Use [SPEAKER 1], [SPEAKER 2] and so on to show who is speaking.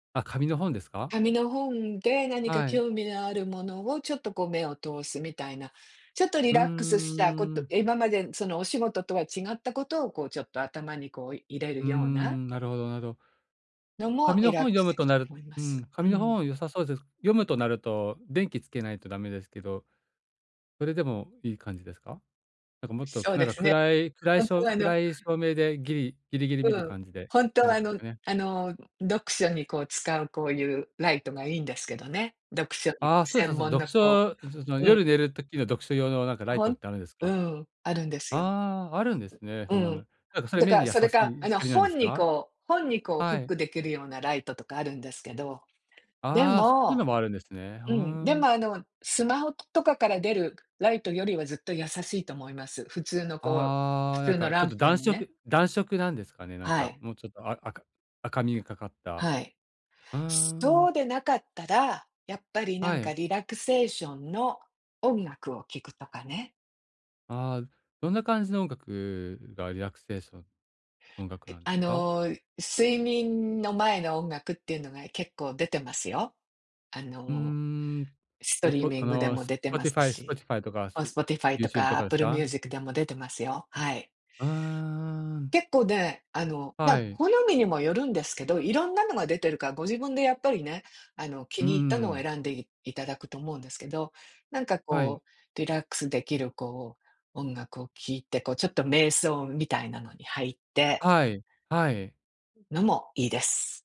[SPEAKER 1] あ、紙の本ですか？
[SPEAKER 2] 紙の本で何か
[SPEAKER 1] はい。
[SPEAKER 2] 興味のあるものを、ちょっとこう目を通すみたいな、ちょっとリ
[SPEAKER 1] うんう
[SPEAKER 2] ラックス
[SPEAKER 1] ん
[SPEAKER 2] したこ
[SPEAKER 1] うんう
[SPEAKER 2] と
[SPEAKER 1] ん。
[SPEAKER 2] 今までそのお仕事とは違ったことを、こうちょっと頭にこう入れ
[SPEAKER 1] う
[SPEAKER 2] る
[SPEAKER 1] ー
[SPEAKER 2] ような
[SPEAKER 1] ん、なるほど、なるほど。
[SPEAKER 2] のも、
[SPEAKER 1] 紙
[SPEAKER 2] リ
[SPEAKER 1] の本
[SPEAKER 2] ラッ
[SPEAKER 1] を
[SPEAKER 2] ク
[SPEAKER 1] 読
[SPEAKER 2] ス
[SPEAKER 1] む
[SPEAKER 2] 出
[SPEAKER 1] と
[SPEAKER 2] 来る
[SPEAKER 1] なる
[SPEAKER 2] と思いま
[SPEAKER 1] う
[SPEAKER 2] す。
[SPEAKER 1] ん、
[SPEAKER 2] う
[SPEAKER 1] 紙の
[SPEAKER 2] ん。
[SPEAKER 1] 本良さそうぜす。読むとなると、電気点けないとダメですけど、それでもいい感じですか？なんかもっと
[SPEAKER 2] そ
[SPEAKER 1] く
[SPEAKER 2] う
[SPEAKER 1] なん
[SPEAKER 2] で
[SPEAKER 1] か
[SPEAKER 2] すね。
[SPEAKER 1] 暗い暗い
[SPEAKER 2] ほん
[SPEAKER 1] しょ
[SPEAKER 2] と
[SPEAKER 1] う
[SPEAKER 2] はあの
[SPEAKER 1] 暗い照明でギリギリギリ見る
[SPEAKER 2] うん、
[SPEAKER 1] 感じで
[SPEAKER 2] ほんと
[SPEAKER 1] 感
[SPEAKER 2] は
[SPEAKER 1] じ
[SPEAKER 2] あ
[SPEAKER 1] す
[SPEAKER 2] の、
[SPEAKER 1] かね？
[SPEAKER 2] あの読書にこう使うこういう、ライトがいいんですけどね。読書に
[SPEAKER 1] ああ、そうそう
[SPEAKER 2] 専
[SPEAKER 1] そう、
[SPEAKER 2] 門
[SPEAKER 1] 読
[SPEAKER 2] のこ
[SPEAKER 1] 書 [unintelligible] その
[SPEAKER 2] ううん。
[SPEAKER 1] 夜寝る時の読書用のなんかライ
[SPEAKER 2] ほ
[SPEAKER 1] トっ
[SPEAKER 2] ん
[SPEAKER 1] てあるんです
[SPEAKER 2] う
[SPEAKER 1] か？
[SPEAKER 2] ん、あるんですよ。
[SPEAKER 1] ああ、あるんですね。
[SPEAKER 2] ずう
[SPEAKER 1] そんなの。
[SPEAKER 2] ん。
[SPEAKER 1] なんかそれ
[SPEAKER 2] だ
[SPEAKER 1] 目
[SPEAKER 2] か
[SPEAKER 1] に
[SPEAKER 2] ら
[SPEAKER 1] 優
[SPEAKER 2] そ
[SPEAKER 1] し
[SPEAKER 2] れか、
[SPEAKER 1] い
[SPEAKER 2] あの
[SPEAKER 1] 光なんです
[SPEAKER 2] 本に
[SPEAKER 1] か？
[SPEAKER 2] こう本にこうフ
[SPEAKER 1] は
[SPEAKER 2] ッ
[SPEAKER 1] い。
[SPEAKER 2] ク出来るようなライトとかあるんですけど。で
[SPEAKER 1] ああ、そういう
[SPEAKER 2] も
[SPEAKER 1] のもあるんですね。ふ
[SPEAKER 2] う
[SPEAKER 1] ー
[SPEAKER 2] ん、で
[SPEAKER 1] ん。
[SPEAKER 2] もあの、スマホとかから出るライトよりはずっと優しいと思います。普通のこう、
[SPEAKER 1] あ
[SPEAKER 2] 普
[SPEAKER 1] あ、なん
[SPEAKER 2] 通の
[SPEAKER 1] かち
[SPEAKER 2] ラ
[SPEAKER 1] ょっ
[SPEAKER 2] ン
[SPEAKER 1] と
[SPEAKER 2] プで
[SPEAKER 1] 暖
[SPEAKER 2] もね。
[SPEAKER 1] 色暖色なんですかね、なん
[SPEAKER 2] は
[SPEAKER 1] か、
[SPEAKER 2] い。
[SPEAKER 1] もうちょっとあ赤赤みがかかった。
[SPEAKER 2] はい。
[SPEAKER 1] うー
[SPEAKER 2] そう
[SPEAKER 1] ん。
[SPEAKER 2] でなかったら、やっぱりな
[SPEAKER 1] は
[SPEAKER 2] ん
[SPEAKER 1] い。
[SPEAKER 2] かリラクセーションの音楽を聴くとかね。
[SPEAKER 1] ああ。どんな感じの音楽が、リラクセーション音楽
[SPEAKER 2] え、
[SPEAKER 1] なんで
[SPEAKER 2] あ
[SPEAKER 1] すか？
[SPEAKER 2] の、睡眠の前の音楽っていうのが結構出てますよ。あ
[SPEAKER 1] うー
[SPEAKER 2] の、
[SPEAKER 1] ん。
[SPEAKER 2] スト
[SPEAKER 1] う
[SPEAKER 2] リー
[SPEAKER 1] ぽ
[SPEAKER 2] ミ
[SPEAKER 1] あ
[SPEAKER 2] ングで
[SPEAKER 1] の、
[SPEAKER 2] も出てます
[SPEAKER 1] Spotify、
[SPEAKER 2] し、
[SPEAKER 1] Spotify とか、
[SPEAKER 2] あ、
[SPEAKER 1] す
[SPEAKER 2] Spotify と
[SPEAKER 1] YouTube
[SPEAKER 2] か
[SPEAKER 1] とかです
[SPEAKER 2] Apple
[SPEAKER 1] か？
[SPEAKER 2] Music でも出てますよ。はい。
[SPEAKER 1] うーん。
[SPEAKER 2] 結構ね、あの、ま、
[SPEAKER 1] はい。
[SPEAKER 2] 好みにもよるんですけど、いろんなのが出てるから、ご自分でやっぱりね、あの、気
[SPEAKER 1] うん、う
[SPEAKER 2] に入ったのを
[SPEAKER 1] ーん。
[SPEAKER 2] 選んでいいただくと思うんですけど。なんか
[SPEAKER 1] はい。
[SPEAKER 2] こう、リラックス出来るこう音楽を聴いて、こうちょっと瞑想みたいなのに入って。
[SPEAKER 1] はい、はい。
[SPEAKER 2] のも、いいです。